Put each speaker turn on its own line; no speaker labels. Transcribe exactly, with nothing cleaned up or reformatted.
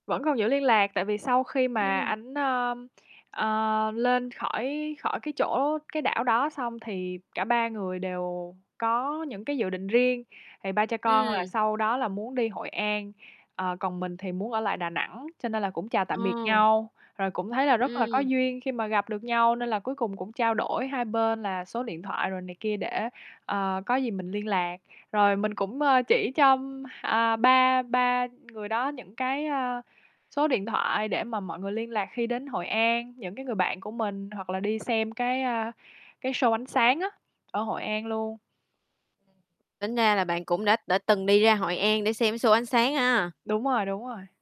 Vẫn còn giữ liên lạc tại vì sau khi mà
Ừm.
ảnh, ờm, ờ, lên khỏi khỏi cái chỗ cái đảo đó xong thì cả ba người đều có những cái dự định riêng. Thì ba cha con là
Ừm.
sau đó là muốn đi Hội An, ờ, còn mình thì muốn ở lại Đà Nẵng, cho nên là cũng chào tạm biệt
Ờ.
nhau. Rồi cũng thấy là rất là có
Ừm.
duyên khi mà gặp được nhau nên là cuối cùng cũng trao đổi hai bên là số điện thoại rồi này kia để, ờ, có gì mình liên lạc. Rồi mình cũng, ơ, chỉ cho, à, ba ba người đó những cái, ơ, số điện thoại để mà mọi người liên lạc khi đến Hội An, những cái người bạn của mình, hoặc là đi xem cái, a, cái show ánh sáng á, ở Hội An luôn.
Tính ra là bạn cũng đã đã từng đi ra Hội An để xem cái show ánh sáng ha.
Đúng rồi, đúng rồi.